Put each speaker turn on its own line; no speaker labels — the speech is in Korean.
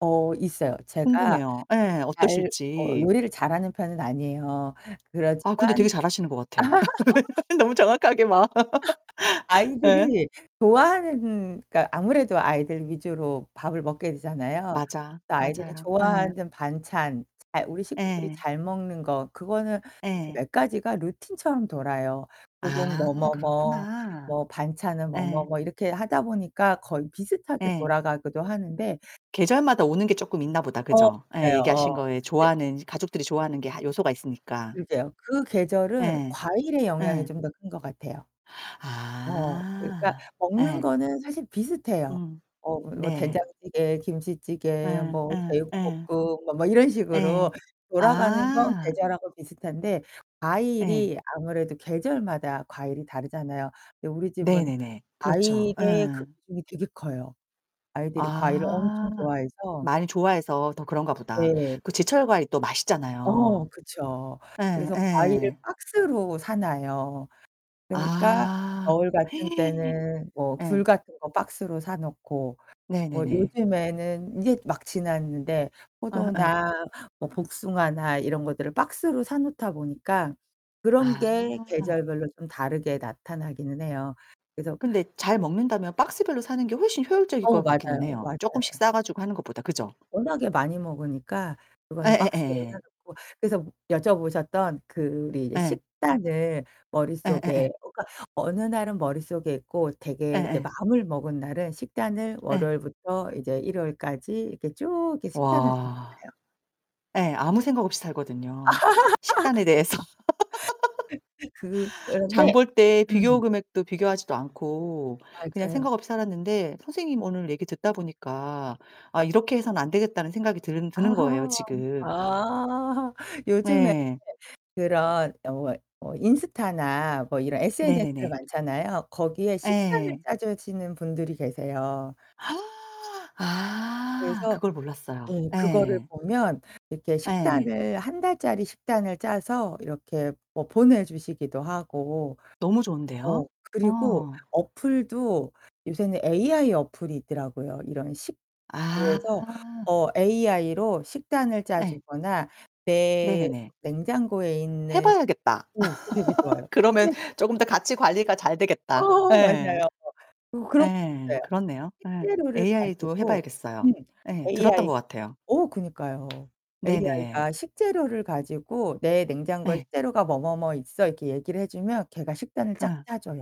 어 있어요. 제가
궁금해요 예,
잘 어
어떠실지.
요리를 잘하는 편은 아니에요.
아 근데 되게
그렇지만
잘하시는 것 같아. 너무 정확하게 막. 예.
아이들이 좋아하는 그니까 아무래도 아이들 위주로 밥을 먹게 되잖아요.
맞아,
그래서 아이들이
맞아요. 예.
좋아하는 반찬. 잘 우리 식구들이
예.
잘 먹는 거 그거는 사실
예.
몇 가지가 루틴처럼 돌아요. 혹은 뭐
아
뭐 뭐
그렇구나.
뭐 반찬은 뭐 뭐
예.
뭐 이렇게 하다 보니까 거의 비슷하게
예.
돌아가기도 하는데
계절마다 오는 게 쪼끔 있나 보다.
어
그죠? 예
맞아요.
얘기하신
어.
거에
근데
좋아하는 가족들이 좋아하는 게 하 요소가 있으니까.
그러게요. 그 계절은
예.
과일의 영향이
예.
좀 더 큰 거 같아요. 어, 그러니까
아.
먹는
예.
거는 사실 비슷해요.
음
어 뭐
네.
된장찌개,
예
김치찌개, 뭐
예 예.
제육볶음 뭐, 뭐 이런
예.
식으로 돌아가는 건
아.
계절하고 비슷한데
예.
과일이 아무래도 계절마다 과일이 다르잖아요. 근데 우리 집은
네네네. 그렇죠.
과일의
예.
그 비중이 되게 커요. 아이들이 과일을
아,
엄청 좋아해서
많이 좋아해서 더 그런가 보다.
네.
그 제철 과일이 또
어,
맛있잖아요.
그쵸. 그래서 과일을
예예.
박스로 사 놔요. 그니까
아.
겨울 같은 때는 뭐
예.
귤 같은 거 박스로 사 놓고 뭐
네네네.
요즘에는 이제 막 지났는데
아아.
포도나 뭐 복숭아나 이런 것들을 박스로 사 놓다 보니까 그런 게
아.
계절별로 좀 다르게 나타나기는 해요. 그래서
근데 잘 먹는다면 박스 별로 사는 게 훨씬 효율적일
어,
것 같기는
맞아요.
해요. 쪼끔씩
맞아요.
싸가지고 하는 것보다. 그죠?
워낙에 많이 먹으니까 그거는 박스로 사
예예예.
놓고. 그래서 여쭤보셨던 그 우리 이제
예.
식단을 머릿속에
예예예.
그니까 어느 날은 머릿속에 있고 되게 이제
예예.
마음을 먹은 날은 식단을
예.
월요일부터 이제 일요일까지 이렇게 쭉 이렇게 식단을
와.
[unintelligible]
예 아무 생각 없이 살거든요. 식단에 대해서.
그
장
그런데
볼 때 비교
음.
금액도 비교하지도 않고 그냥
맞아요.
생각 없이 살았는데 선생님 오늘 얘기 듣다 보니까 '아 이렇게 해서는 안되겠다.'는 생각이 드는 드는 거예요 지금.
아. 요즘에
네.
그런 어 뭐 어 인스타나 뭐 이런 SNS들
네네네.
많잖아요. 거기에 식단을
예.
짜주시는 분들이 계세요.
아
그래서
그걸 몰랐어요.
예, 그거를
예.
보면 이렇게
예.
식단을 1 달짜리 식단을 짜서 이렇게 뭐 보내주시기도 하고
너무 좋은데요?
어 그리고
어.
어플도 요새는 AI 어플이 있더라고요. 이런 식 그래서
아.
어 AI로 식단을
예.
짜주거나 내
네네네.
냉장고에
해
있는 [unintelligible]
봐야겠다.
어 그 되게 좋아요.
그러면
식재료
쪼금 더 같이 관리가 잘 되겠다.
어
예.
맞아요. 그 그런 것도
예,
있어요.
그렇네요. 예.
식재료를
AI도 해
가지고
봐야겠어요.
음
예, 들었던
AI
것 같아요.
어 그니까요.
네네.
AI가 식재료를 가지고 "내 냉장고에
예.
식재료가 뭐 뭐 뭐 있어." 이렇게 얘기를 해 주면 걔가 식단을 쫙
어.
짜줘요.